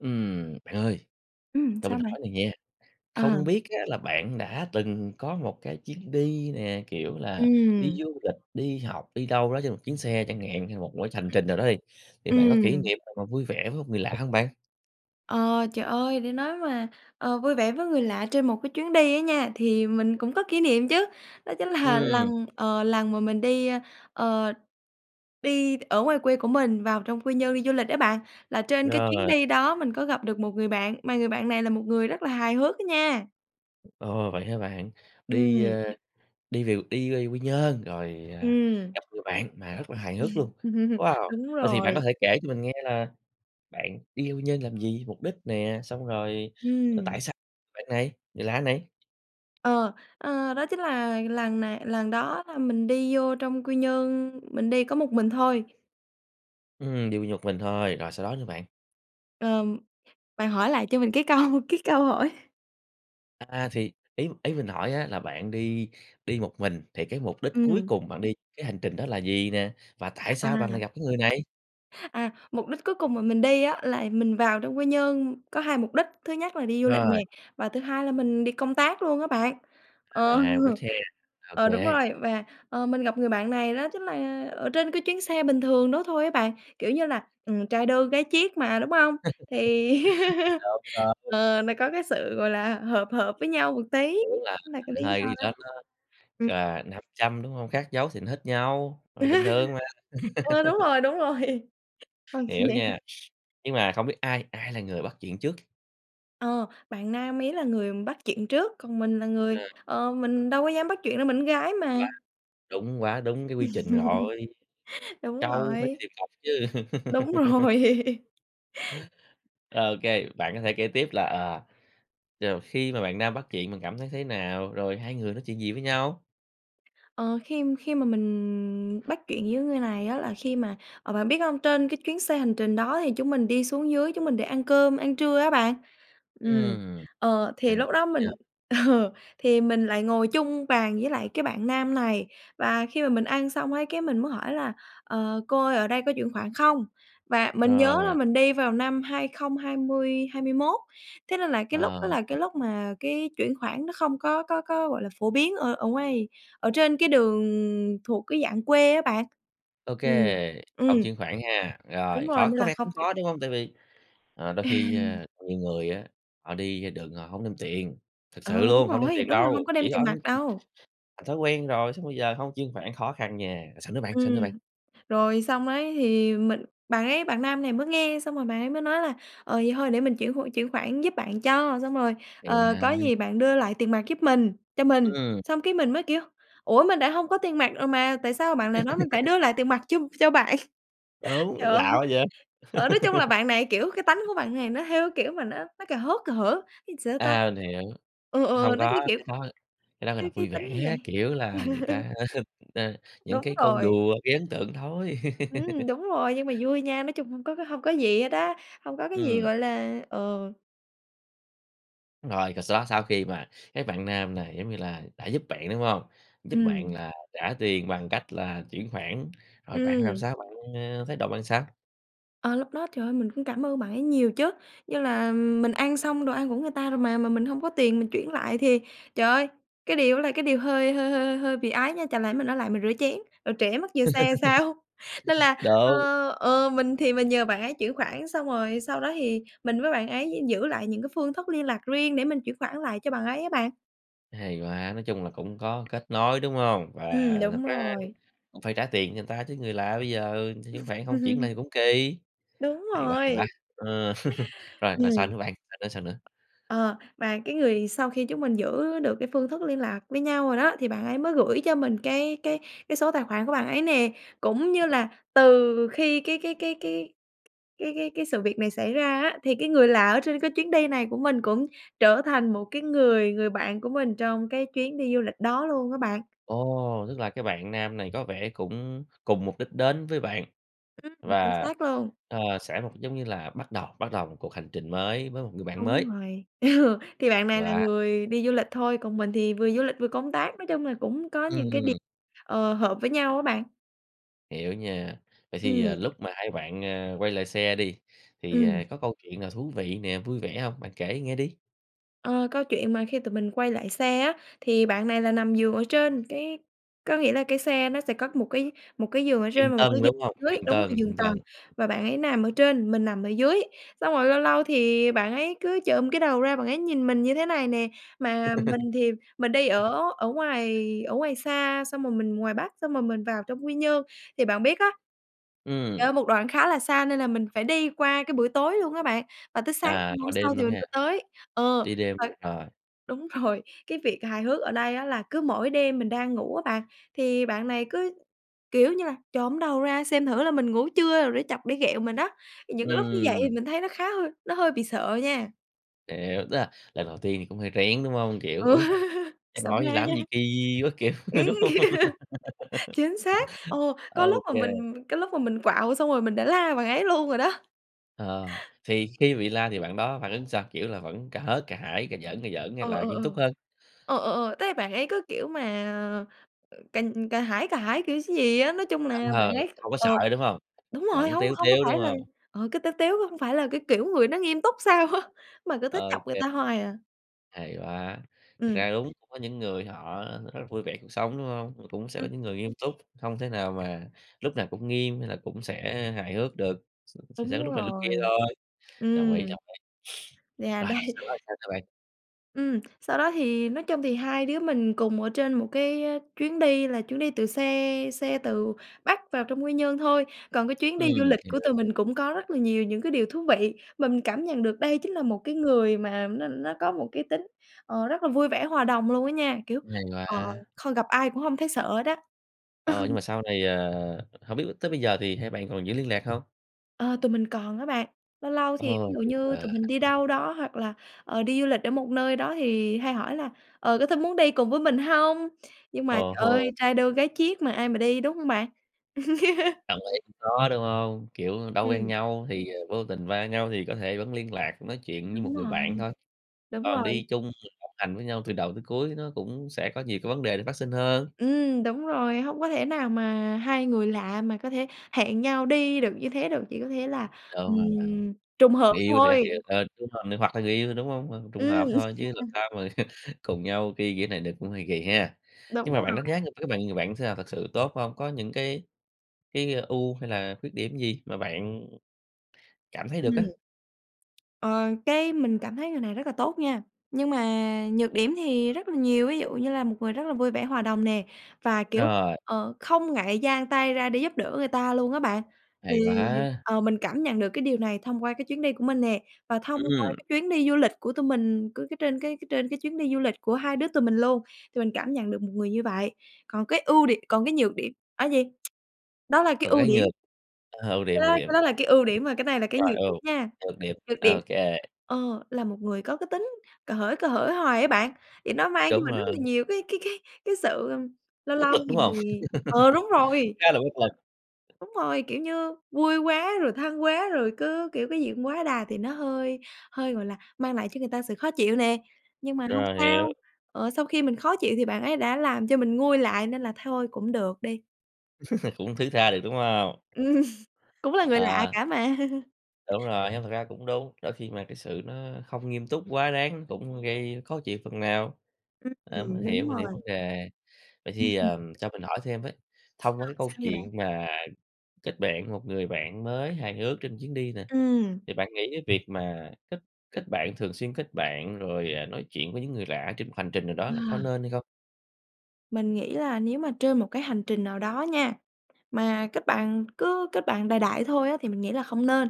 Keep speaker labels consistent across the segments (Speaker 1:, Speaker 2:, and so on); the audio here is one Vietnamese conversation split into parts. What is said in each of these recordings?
Speaker 1: Ừm, bạn ơi,
Speaker 2: Ừm,
Speaker 1: cho mình
Speaker 2: sao mày?
Speaker 1: hỏi cái này nha,
Speaker 2: À.
Speaker 1: không biết á là bạn đã từng có một cái chuyến đi nè, kiểu là, đi
Speaker 2: Ừm.
Speaker 1: du lịch, đi học, đi đâu đó trên một chuyến xe chẳng hạn hay là một cái hành trình nào đó đi, thì bạn có kỉ
Speaker 2: Ừm.
Speaker 1: niệm nào mà vui vẻ với một người lạ hông bạn?
Speaker 2: Ờ, trời ơi! Để nói mà, ờ, vui vẻ với người lạ trên một cái chuyến đi á nha, thì mình cũng có kỷ niệm chứ. Đó chính là
Speaker 1: Ừm.
Speaker 2: lần, ờ, lần mà mình đi, ờ đi ở ngoài quê của mình vào trong Quy Nhơn đi du lịch á bạn, là trên cái chuyến
Speaker 1: Rồi.
Speaker 2: đi đó mình có gặp được một người bạn mà người bạn này là một người rất là hài hước á nha.
Speaker 1: Ồ! Vậy hả bạn? Đi,
Speaker 2: Ừm.
Speaker 1: ờ, đi về đi về Quy Nhơn rồi, ờ,
Speaker 2: Ừm.
Speaker 1: gặp người bạn mà rất là hài hước luôn, wow!
Speaker 2: Đúng
Speaker 1: Vậy thì bạn có
Speaker 2: rồi.
Speaker 1: thể kể cho mình nghe là bạn đi Quy Nhơn làm gì? Mục đích nè? Xong rồi,
Speaker 2: Ừm.
Speaker 1: tại sao bạn này, người lạ này?
Speaker 2: Ờ, ờ, đó chính là lần này lần đó là mình đi vô trong Quy Nhơn, mình đi có một mình thôi.
Speaker 1: Ừm, đi Quy Nhơn một mình thôi, rồi sau đó nữa bạn?
Speaker 2: Ờm, bạn hỏi lại cho mình cái câu cái câu hỏi
Speaker 1: À, thì ý ý mình hỏi á là bạn đi đi một mình thì cái mục đích cuối
Speaker 2: Ừm.
Speaker 1: cùng bạn đi cái hành trình đó là gì nè? Và tại sao bạn lại
Speaker 2: À.
Speaker 1: gặp cái người này?
Speaker 2: À, mục đích cuối cùng mà mình đi á, là mình vào trong Quy Nhơn có 2 mục đích, thứ nhất là đi du lịch
Speaker 1: Rồi.
Speaker 2: nè, và thứ hai là mình đi công tác luôn á bạn. Ờ,
Speaker 1: À, mục đích ha, ô
Speaker 2: ờ, đúng
Speaker 1: kê.
Speaker 2: rồi, và, ờ, mình gặp người bạn này đó chính là ở trên cái chuyến xe bình thường đó thôi á bạn. Kiểu như là, ừm, trai đơn gái chiếc mà, đúng hông? Thì
Speaker 1: Đúng rồi.
Speaker 2: ờ, nó có cái sự, gọi là, hợp hợp với nhau một tí,
Speaker 1: Kiểu là,
Speaker 2: là cái lý
Speaker 1: hai cái
Speaker 2: do
Speaker 1: gì
Speaker 2: đó.
Speaker 1: đó nó
Speaker 2: Ừm.
Speaker 1: à, nam châm, đúng hông? Khác dấu thì nó hít nhau, ờ, bình thường mà.
Speaker 2: Ơ, đúng rồi, đúng rồi. OK.
Speaker 1: Hiểu nha. Nhưng mà không biết ai ai là người bắt chuyện trước?
Speaker 2: Ờ, bạn nam ấy là người bắt chuyện trước, còn mình là người
Speaker 1: À.
Speaker 2: ờ, mình đâu có dám bắt chuyện đâu mình con gái
Speaker 1: Quá
Speaker 2: mà.
Speaker 1: đúng, quá đúng cái quy trình rồi,
Speaker 2: Đúng
Speaker 1: trâu phải
Speaker 2: rồi.
Speaker 1: tìm cọc chứ.
Speaker 2: Đúng rồi.
Speaker 1: Ô kê, bạn có thể kể tiếp là, ờ rồi khi mà bạn nam bắt chuyện bạn cảm thấy thế nào? Rồi hai người nói chuyện gì với nhau?
Speaker 2: Ờ, khi khi mà mình bắt chuyện với người này á là khi mà, à, bạn biết không, trên cái chuyến xe hành trình đó thì chúng mình đi xuống dưới chúng mình để ăn cơm, ăn trưa á bạn. Ừm,
Speaker 1: Ừm,
Speaker 2: ờ, thì
Speaker 1: ăn c
Speaker 2: lúc đó mình
Speaker 1: giờ.
Speaker 2: ờ, thì mình lại ngồi chung bàn với lại cái bạn nam này, và khi mà mình ăn xong ấy, cái, mình muốn hỏi là "Ờ, cô ơi ở đây có chuyển khoản không?" Và mình nhớ là
Speaker 1: Rồi.
Speaker 2: mình đi vào năm 2020, 2021 thế nên là cái lúc
Speaker 1: Ờ,
Speaker 2: đó là
Speaker 1: ờ.
Speaker 2: cái lúc mà cái chuyển khoản nó không có có có, gọi là, phổ biến ở ở ngoài, ở trên cái đường thuộc cái dạng quê á bạn, ừm,
Speaker 1: Okay,
Speaker 2: ừm.
Speaker 1: hổng chuyển khoản ha?
Speaker 2: Đúng
Speaker 1: Rồi
Speaker 2: rồi,
Speaker 1: khó
Speaker 2: nên
Speaker 1: có
Speaker 2: là
Speaker 1: vẻ
Speaker 2: không
Speaker 1: cũng
Speaker 2: chuyển
Speaker 1: khó, đúng hông? Tại vì, ờ, đôi khi,
Speaker 2: Ừm.
Speaker 1: ờ, nhiều người á, họ đi ra đường họ hổng đem tiền, thực
Speaker 2: Ờ,
Speaker 1: sự
Speaker 2: đúng
Speaker 1: luôn, hông đem
Speaker 2: rồi,
Speaker 1: tiền
Speaker 2: đúng rồi, hông
Speaker 1: đâu,
Speaker 2: có
Speaker 1: chỉ
Speaker 2: đem tiền
Speaker 1: on
Speaker 2: mặt
Speaker 1: chỉ
Speaker 2: đâu.
Speaker 1: thành thói quen rồi, xong bây giờ không chuyển khoản, khó khăn nha. Rồi sao nữa bạn, sao nữa
Speaker 2: Ừm,
Speaker 1: bạn?
Speaker 2: rồi xong ấy thì mình bạn ấy, bạn nam này mới nghe xong rồi bạn ấy mới nói là "Ờ, vậy thôi để mình chuyển hộ, chuyển khoản giúp bạn cho, xong rồi,
Speaker 1: Ừ
Speaker 2: ờ, có
Speaker 1: ha.
Speaker 2: gì bạn đưa lại tiền mặt giúp mình, cho mình."
Speaker 1: Ừm.
Speaker 2: Xong cái mình mới, kiểu: "Ủa? mình đã hông có tiền mặt rồi mà, tại sao bạn lại nói mình phải đưa lại tiền mặt cho cho bạn?"
Speaker 1: Đúng,
Speaker 2: Trời ơi!
Speaker 1: lạ quá vậy?
Speaker 2: Ở, nói chung là bạn này, kiểu, cái tánh của bạn này nó, theo cái kiểu mà, nó nó cà hớt cà hở, ý là sao ta?
Speaker 1: À, mình hiểu,
Speaker 2: Ừ, ừ, ừ,
Speaker 1: không
Speaker 2: nó cứ,
Speaker 1: có,
Speaker 2: kiểu,
Speaker 1: cái đó cái đó gọi
Speaker 2: cái
Speaker 1: là
Speaker 2: cái
Speaker 1: vui
Speaker 2: tính như
Speaker 1: vẻ, kiểu là, người
Speaker 2: vậy.
Speaker 1: ta ơ, những
Speaker 2: Đúng
Speaker 1: cái câu
Speaker 2: rồi.
Speaker 1: đùa gây ấn tượng thôi.
Speaker 2: Ừm, đúng rồi, nhưng mà vui nha, nói chung hông có hông có gì hết á, hông có cái gì
Speaker 1: Ừm.
Speaker 2: gọi là ờ.
Speaker 1: Rồi rồi sau đó sau khi mà cái bạn nam này, giống như là, đã giúp bạn, đúng hông? Giúp bạn
Speaker 2: Ừm.
Speaker 1: là trả tiền bằng cách là chuyển khoản, rồi bạn làm
Speaker 2: Ừm.
Speaker 1: sao bạn, ơ thái độ bạn sao?
Speaker 2: Ờ, lúc đó trời ơi mình cũng cảm ơn bạn ấy nhiều chứ. Như là mình ăn xong đồ ăn của người ta rồi mà, mà mình hông có tiền mình chuyển lại thì trời ơi, cái điều đó là cái điều hơi hơi hơi hơi bị ái nha. Chẳng lẽ mình ở lại mình rửa chén, rồi trễ mất giờ xe sao? Nên là,
Speaker 1: Đúng.
Speaker 2: ờ, ờ, mình thì mình nhờ bạn ấy chuyển khoản, xong rồi sau đó thì mình với bạn ấy gi giữ lại những cái phương thức liên lạc riêng để mình chuyển khoản lại cho bạn ấy á bạn.
Speaker 1: Hay quá, nói chung là cũng có kết nối, đúng hông? Và
Speaker 2: Ừm,
Speaker 1: thật
Speaker 2: đúng
Speaker 1: ra
Speaker 2: rồi.
Speaker 1: cũng phải trả tiền cho người ta chứ, người lạ bây giờ người ta chuyển khoản hông chuyển lại thì cũng kỳ.
Speaker 2: Đúng
Speaker 1: Hay quá, hay quá!
Speaker 2: rồi.
Speaker 1: Ờ. Rồi rồi
Speaker 2: Ừm.
Speaker 1: sao nữa bạn? Sao nữa? Sao nữa?
Speaker 2: Ờ, mà cái người sau khi chúng mình giữ được cái phương thức liên lạc với nhau rồi đó, thì bạn ấy mới gửi cho mình cái cái cái số tài khoản của bạn ấy nè. Cũng như là từ khi cái cái cái cái cái cái cái sự việc này xảy ra á, thì cái người lạ ở trên cái chuyến đi này của mình cũng trở thành một cái người người bạn của mình trong cái chuyến đi du lịch đó luôn á bạn.
Speaker 1: Ồ, tức là cái bạn nam này có vẻ cũng cùng mục đích đến với bạn,
Speaker 2: Ừm, chính
Speaker 1: và,
Speaker 2: xác luôn.
Speaker 1: ờ, sẽ một giống như là, bắt đầu bắt đầu một cuộc hành trình mới với một người bạn mới.
Speaker 2: Đúng rồi. Ừ, thì bạn này là
Speaker 1: Và
Speaker 2: người đi du lịch thôi, còn mình thì vừa du lịch vừa công tác. Nói chung là cũng có những cái đi
Speaker 1: Ừm.
Speaker 2: ờ, hợp với nhau á bạn.
Speaker 1: Hiểu nha. Vậy thì, ờ,
Speaker 2: Ừm.
Speaker 1: lúc mà hai bạn, ờ, quay lại xe đi, thì
Speaker 2: Ừm.
Speaker 1: có câu chuyện nào thú vị nè, vui vẻ hông? Bạn kể nghe đi.
Speaker 2: Ờ, câu chuyện mà khi tụi mình quay lại xe á, thì bạn này là nằm giường ở trên, cái có nghĩa là cái xe nó sẽ có một cái một cái giường ở trên
Speaker 1: Giường
Speaker 2: và một cái
Speaker 1: tầng,
Speaker 2: giường
Speaker 1: đúng hông?
Speaker 2: ở dưới
Speaker 1: Giường
Speaker 2: đúng rồi,
Speaker 1: tầng,
Speaker 2: giường
Speaker 1: giường
Speaker 2: tầng
Speaker 1: tầng.
Speaker 2: và bạn ấy nằm ở trên, mình nằm ở dưới. Xong rồi lâu lâu thì bạn ấy cứ chồm cái đầu ra bạn ấy nhìn mình như thế này nè. Mà mình thì mình đi ở ở ngoài ở ngoài xa, xong rồi mình ngoài Bắc, xong rồi mình vào trong Quy Nhơn. Thì bạn biết á trời
Speaker 1: Ừm.
Speaker 2: ơi một đoạn khá là xa nên là mình phải đi qua cái buổi tối luôn á bạn, và tới sáng
Speaker 1: À,
Speaker 2: ngày hôm
Speaker 1: gọi
Speaker 2: sau
Speaker 1: đêm
Speaker 2: thì
Speaker 1: luôn
Speaker 2: mình
Speaker 1: ha.
Speaker 2: mới tới. Ờ,
Speaker 1: Đi đêm
Speaker 2: trời
Speaker 1: luôn, rồi.
Speaker 2: đúng rồi, cái việc hài hước ở đây á là cứ mỗi đêm mình đang ngủ á bạn, thì bạn này cứ, kiểu như là, chồm cái đầu ra xem thử là mình ngủ chưa rồi để chọc, để ghẹo mình đó thì những cái lúc như vậy
Speaker 1: Ừm.
Speaker 2: thì mình thấy nó khá hơi nó hơi bị sợ nha.
Speaker 1: Hiểu, tức là lần đầu tiên thì cũng hơi rén, đúng hông? Kiểu:
Speaker 2: Ừ.
Speaker 1: "Ôi, cha
Speaker 2: Sợ
Speaker 1: nội này
Speaker 2: ma.
Speaker 1: làm cái gì kì quá", kiểu,
Speaker 2: Ấy,
Speaker 1: đúng hông?
Speaker 2: chính xác. Ờ,
Speaker 1: Ô
Speaker 2: có lúc mà
Speaker 1: kê.
Speaker 2: mình ừ, cái lúc mà mình quạu xong rồi mình đã la bạn ấy luôn rồi đó.
Speaker 1: Ờ, thì khi bị la thì bạn đó phản ứng sao? Kiểu là, vẫn cả hớt, cả hải, cà giỡn, cà giỡn hay
Speaker 2: Ờ,
Speaker 1: là
Speaker 2: ờ,
Speaker 1: nghiêm túc
Speaker 2: ờ.
Speaker 1: hơn?
Speaker 2: Ờ, ờ, ờ, thế là bạn ấy cứ, kiểu mà, ờ, cà cà hải cà hải, kiểu gì á. Nói chung là bạn
Speaker 1: Ờ,
Speaker 2: ấy
Speaker 1: không có sợ,
Speaker 2: ờ,
Speaker 1: đúng hông?
Speaker 2: đúng rồi,
Speaker 1: Vẫn
Speaker 2: hông
Speaker 1: tếu
Speaker 2: hông có
Speaker 1: tếu, đúng
Speaker 2: phải là
Speaker 1: hông?
Speaker 2: ờ, cứ tếu tếu hông phải là cái kiểu người nó nghiêm túc sao á, mà cứ
Speaker 1: Ô
Speaker 2: thích chọc người
Speaker 1: kê.
Speaker 2: ta hoài à.
Speaker 1: Hay quá! Thực
Speaker 2: Ừm.
Speaker 1: ra đúng, có những người họ rất là vui vẻ cuộc sống, đúng hông? Cũng sẽ có những người nghiêm túc, không thể nào mà lúc nào cũng nghiêm hay là cũng sẽ hài hước được, s sẽ sẽ
Speaker 2: Đúng
Speaker 1: có lúc này lúc kia
Speaker 2: rồi,
Speaker 1: thôi. Đồng ý,
Speaker 2: ừm.
Speaker 1: đồng ý.
Speaker 2: Yeah,
Speaker 1: Rồi,
Speaker 2: đấy.
Speaker 1: sau đó thì sao nữa bạn?
Speaker 2: Ừm, sau đó thì nói chung thì hai đứa mình cùng ở trên một cái chuyến đi là chuyến đi từ xe xe từ Bắc vào trong Quy Nhơn thôi. Còn cái chuyến đi du
Speaker 1: Ừm,
Speaker 2: lịch của
Speaker 1: hiểu.
Speaker 2: tụi mình cũng có rất là nhiều những cái điều thú vị. Mình cảm nhận được đây chính là một cái người mà nó nó có một cái tính, ờ, rất là vui vẻ, hòa đồng luôn á nha. Kiểu,
Speaker 1: Hay
Speaker 2: ờ,
Speaker 1: quá!
Speaker 2: không gặp ai cũng không thấy sợ hết á.
Speaker 1: Ờ, nhưng
Speaker 2: Ừ.
Speaker 1: mà sau này, à hổng biết tới bây giờ thì hai bạn còn giữ liên lạc hông?
Speaker 2: Ờ, tụi mình còn á bạn. Lâu lâu thì ví
Speaker 1: Ồ,
Speaker 2: dụ
Speaker 1: tuyệt
Speaker 2: như
Speaker 1: vời!
Speaker 2: tụi mình đi đâu đó hoặc là, ờ, đi du lịch ở một nơi đó thì hay hỏi là "Ờ, có thế muốn đi cùng với mình hông?" Nhưng mà
Speaker 1: Ờ ha.
Speaker 2: trời ơi, trai đơn gái chiếc mà ai mà đi, đúng không bạn?
Speaker 1: Đồng ý, cũng khó, đúng hông? Kiểu, đâu quen
Speaker 2: Ừm.
Speaker 1: nhau, thì vô tình va nhau thì có thể vẫn liên lạc, nói chuyện như một
Speaker 2: Đúng
Speaker 1: người bạn
Speaker 2: rồi,
Speaker 1: thôi.
Speaker 2: đúng
Speaker 1: Còn
Speaker 2: rồi.
Speaker 1: đi chung du lịch đồng hành với nhau từ đầu tới cuối nó cũng sẽ có nhiều cái vấn đề để phát sinh hơn.
Speaker 2: Ừm, đúng rồi, hông có thể nào mà hai người lạ mà có thể hẹn nhau đi được như thế được, chỉ có thể là, ừm,
Speaker 1: Đúng rồi đó.
Speaker 2: trùng hợp
Speaker 1: Người yêu thì các kiểu,
Speaker 2: thôi.
Speaker 1: ờ, đúng rồi, ng hoặc là người yêu thôi, đúng hông? Ừm, trùng hợp
Speaker 2: Ừm.
Speaker 1: thôi chứ làm sao mà cùng nhau ki kiểu này được, cũng hơi kỳ ha.
Speaker 2: Đúng
Speaker 1: Nhưng mà bạn đánh giá
Speaker 2: rồi.
Speaker 1: người cái bạn người bạn sao, thực sự tốt hông? Có những cái cái ưu hay là khuyết điểm gì mà bạn cảm thấy
Speaker 2: Ừm.
Speaker 1: được á?
Speaker 2: Ờ, cái mình cảm thấy người này rất là tốt nha, nhưng mà nhược điểm thì rất là nhiều. Ví dụ như là một người rất là vui vẻ, hòa đồng nè, và, kiểu,
Speaker 1: Rồi.
Speaker 2: ờ, không ngại dang tay ra để giúp đỡ người ta luôn á bạn. Thì,
Speaker 1: Hay quá!
Speaker 2: ờ, mình cảm nhận được cái điều này thông qua cái chuyến đi của mình nè. Và thông qua
Speaker 1: Ừm.
Speaker 2: cái chuyến đi du lịch của tụi mình cứ cái trên cái trên cái chuyến đi du lịch của hai đứa tụi mình luôn thì mình cảm nhận được một người như vậy. Còn cái ưu đì còn cái nhược điểm á gì? Đó là cái
Speaker 1: Còn
Speaker 2: ưu
Speaker 1: cái
Speaker 2: điểm.
Speaker 1: nhược à, ưu
Speaker 2: Cái
Speaker 1: điểm,
Speaker 2: đó
Speaker 1: ưu
Speaker 2: cái
Speaker 1: điểm.
Speaker 2: đó là cái ưu điểm, mà cái này là cái
Speaker 1: Rồi
Speaker 2: nhược
Speaker 1: ưu,
Speaker 2: điểm nha.
Speaker 1: nhược điểm.
Speaker 2: Nhược điểm,
Speaker 1: Ô kê.
Speaker 2: ờ, là một người có cái tính cà hởi, cà hởi hoài á bạn, thì nó mang cho
Speaker 1: Đúng
Speaker 2: mình rất là
Speaker 1: rồi.
Speaker 2: nhiều cái cái cái cái sự, ơ lâu
Speaker 1: Bất
Speaker 2: lâu
Speaker 1: lực, đúng
Speaker 2: thì
Speaker 1: hông?
Speaker 2: ờ, đúng rồi.
Speaker 1: Khá là bất lực.
Speaker 2: Đúng rồi, kiểu như vui quá rồi thân quá rồi cứ, kiểu, cái gì cũng quá đà thì nó hơi hơi, gọi là, mang lại cho người ta sự khó chịu nè. Nhưng mà hông
Speaker 1: Rồi
Speaker 2: sao,
Speaker 1: hiểu.
Speaker 2: ờ, sau khi mình khó chịu thì bạn ấy đã làm cho mình nguôi lại nên là thôi cũng được đi.
Speaker 1: Cũng thứ tha được, đúng hông?
Speaker 2: Ừm, cũng là người lạ
Speaker 1: Ờ.
Speaker 2: cả mà.
Speaker 1: Đúng rồi, hông thật ra cũng đúng. Đôi khi mà cái sự nó không nghiêm túc quá đáng cũng gây khó chịu phần nào, ờ, mình
Speaker 2: Ừm,
Speaker 1: hiểu,
Speaker 2: đúng
Speaker 1: mình hiểu vấn
Speaker 2: rồi.
Speaker 1: đề. Vậy
Speaker 2: Ừm
Speaker 1: thì,
Speaker 2: hưm.
Speaker 1: ờ, cho mình hỏi thêm với. Thông
Speaker 2: Ờ,
Speaker 1: qua cái câu
Speaker 2: sao vậy bạn?
Speaker 1: chuyện mà kết bạn với một người bạn mới hài hước trên chuyến đi nè,
Speaker 2: Ừm.
Speaker 1: thì bạn nghĩ cái việc mà kết kết bạn, thường xuyên kết bạn rồi, ờ, nói chuyện với những người lạ trên một hành trình nào đó
Speaker 2: Ờ.
Speaker 1: là có nên hay không?
Speaker 2: Mình nghĩ là nếu mà trên một cái hành trình nào đó nha, mà kết bạn cứ kết bạn đại đại thôi á thì mình nghĩ là không nên.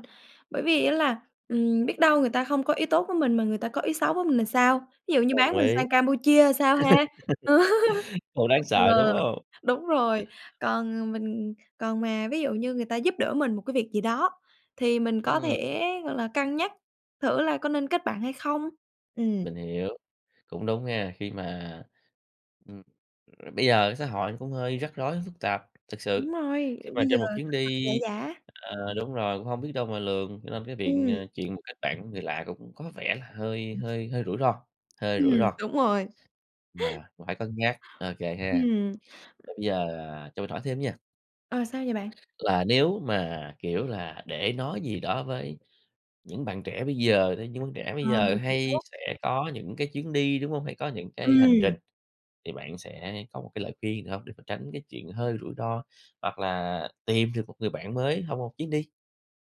Speaker 2: Bởi vì á là, ừm, biết đâu người ta không có ý tốt với mình mà người ta có ý xấu với mình thì sao? Ví dụ như bán
Speaker 1: Đồng
Speaker 2: mình
Speaker 1: ý.
Speaker 2: sang Campuchia sao ha?
Speaker 1: Hơi đáng sợ, đúng
Speaker 2: Ờ,
Speaker 1: hông?
Speaker 2: đúng rồi, còn mình còn mà ví dụ như người ta giúp đỡ mình một cái việc gì đó thì mình có
Speaker 1: Ừm.
Speaker 2: thể, gọi là, cân nhắc thử là có nên kết bạn hay không. Ừm.
Speaker 1: Mình hiểu, cũng đúng nha khi mà, ừm, bây giờ cái xã hội cũng hơi rắc rối, phức tạp thực
Speaker 2: Đúng
Speaker 1: sự.
Speaker 2: rồi,
Speaker 1: Khi mà
Speaker 2: bây giờ
Speaker 1: trên một chuyến
Speaker 2: thật thật,
Speaker 1: đi
Speaker 2: giả giả.
Speaker 1: ờ, đúng rồi, cũng hông biết đâu mà lường cho nên cái biện
Speaker 2: Ừm.
Speaker 1: à, chuyện mà kết bạn với người lạ cũng có vẻ là hơi hơi hơi rủi ro, hơi
Speaker 2: Ừm,
Speaker 1: rủi ro.
Speaker 2: đúng rồi.
Speaker 1: Rồi, cũng phải cân nhắc, ô kê ha.
Speaker 2: Ừm.
Speaker 1: Vậy bây giờ, ờ, cho mình hỏi thêm nha.
Speaker 2: Ờ, sao vậy bạn?
Speaker 1: Là nếu mà, kiểu là, để nói gì đó với những bạn trẻ bây giờ đấy, những bạn trẻ bây
Speaker 2: Ờ,
Speaker 1: giờ
Speaker 2: mình
Speaker 1: hay
Speaker 2: hiểu.
Speaker 1: sẽ có những cái chuyến đi, đúng hông? Hay có những cái hành
Speaker 2: Ừm.
Speaker 1: trình, thì bạn sẽ có một cái lời khuyên gì hông để tránh cái chuyện hơi rủi ro? Hoặc là tìm được một người bạn mới trong một chuyến đi?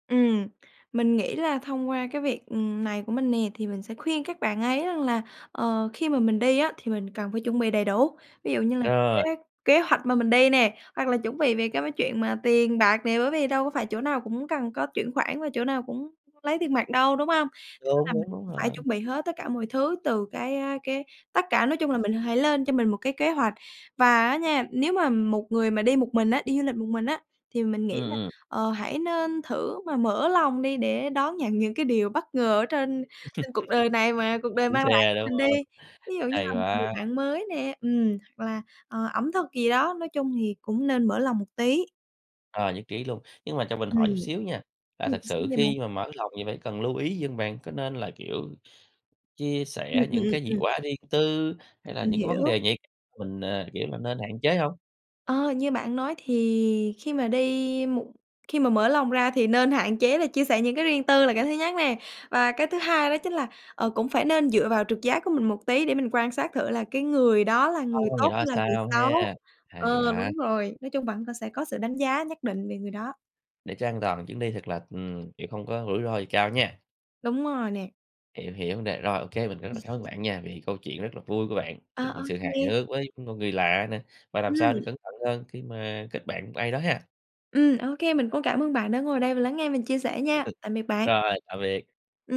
Speaker 2: Ừm, mình nghĩ là thông qua cái việc, ừm, này của mình nè, thì mình sẽ khuyên các bạn ấy rằng là, ờ, khi mà mình đi á thì mình cần phải chuẩn bị đầy đủ. Ví dụ như là cái
Speaker 1: Rồi!
Speaker 2: kế kế hoạch mà mình đi nè, hoặc là chuẩn bị về cái chuyện mà tiền bạc nè, bởi vì đâu có phải chỗ nào cũng cần có chuyển khoản và chỗ nào cũng lấy tiền mặt đâu, đúng hông? Nên
Speaker 1: Đúng,
Speaker 2: là mình
Speaker 1: đúng, đúng
Speaker 2: phải
Speaker 1: rồi.
Speaker 2: chuẩn bị hết tất cả mọi thứ từ cái, a, cái tất cả, nói chung là mình hãy lên cho mình một cái kế hoạch. Và á nha, nếu mà một người mà đi một mình á, đi du lịch một mình á, thì mình
Speaker 1: Ừm,
Speaker 2: nghĩ là,
Speaker 1: ừm.
Speaker 2: ờ, hãy nên thử mà mở lòng đi để đón nhận những cái điều bất ngờ ở trên trên cuộc đời này mà cuộc đời
Speaker 1: Chuyến
Speaker 2: mang lại
Speaker 1: xe
Speaker 2: cho
Speaker 1: đúng
Speaker 2: mình đi.
Speaker 1: hông?
Speaker 2: Ví dụ như
Speaker 1: Hay
Speaker 2: là một người
Speaker 1: quá.
Speaker 2: bạn mới nè, ừm, hoặc là, ờ, ẩm thực gì đó, nói chung thì cũng nên mở lòng một tí.
Speaker 1: Ờ, nhất trí luôn, nhưng mà cho mình hỏi chút
Speaker 2: Ừm.
Speaker 1: xíu nha, là
Speaker 2: Ừm,
Speaker 1: thật
Speaker 2: sao
Speaker 1: sự
Speaker 2: vậy bạn?
Speaker 1: khi mà mở lòng thì phải cần lưu ý gì hông bạn? Có nên là, kiểu, chia
Speaker 2: Ừm,
Speaker 1: sẻ
Speaker 2: ừm,
Speaker 1: những
Speaker 2: ừm,
Speaker 1: cái gì
Speaker 2: ừm.
Speaker 1: quá riêng tư, hay là
Speaker 2: Mình
Speaker 1: những cái vấn
Speaker 2: hiểu.
Speaker 1: đề nhạy mình, ờ, kiểu là, nên hạn chế hông?
Speaker 2: Ờ, như bạn nói thì khi mà đi một khi mà mở lòng ra thì nên hạn chế là chia sẻ những cái riêng tư là cái thứ nhất nè, và cái thứ hai đó chính là, ờ, cũng phải nên dựa vào trực giác của mình một tí để mình quan sát thử là cái người đó là
Speaker 1: Hông
Speaker 2: người
Speaker 1: hông người
Speaker 2: tốt
Speaker 1: đó ra
Speaker 2: hay là người
Speaker 1: sao
Speaker 2: xấu.
Speaker 1: ha? Hay
Speaker 2: Ờ,
Speaker 1: quá.
Speaker 2: đúng rồi, nói chung vẫn sẽ có sự đánh giá nhất định về người đó.
Speaker 1: Để cho an toàn chuyến đi thật là, ừm, chuyện không có rủi ro gì cao nha.
Speaker 2: Đúng rồi nè.
Speaker 1: Hiểu, hiểu vấn đề. Rồi, ô kê, mình rất là cảm ơn bạn nha, vì câu chuyện rất là vui của bạn,
Speaker 2: À,
Speaker 1: những
Speaker 2: ô
Speaker 1: sự hài
Speaker 2: kê.
Speaker 1: hước với một người lạ nè, và làm sao để
Speaker 2: Ừm.
Speaker 1: cẩn thận hơn khi mà kết bạn với một ai đó ha.
Speaker 2: Ừm, ô kê mình cũng cảm ơn bạn đã ngồi đây và lắng nghe và chia sẻ nha, tạm biệt bạn.
Speaker 1: Rồi, tạm biệt.
Speaker 2: Ừm.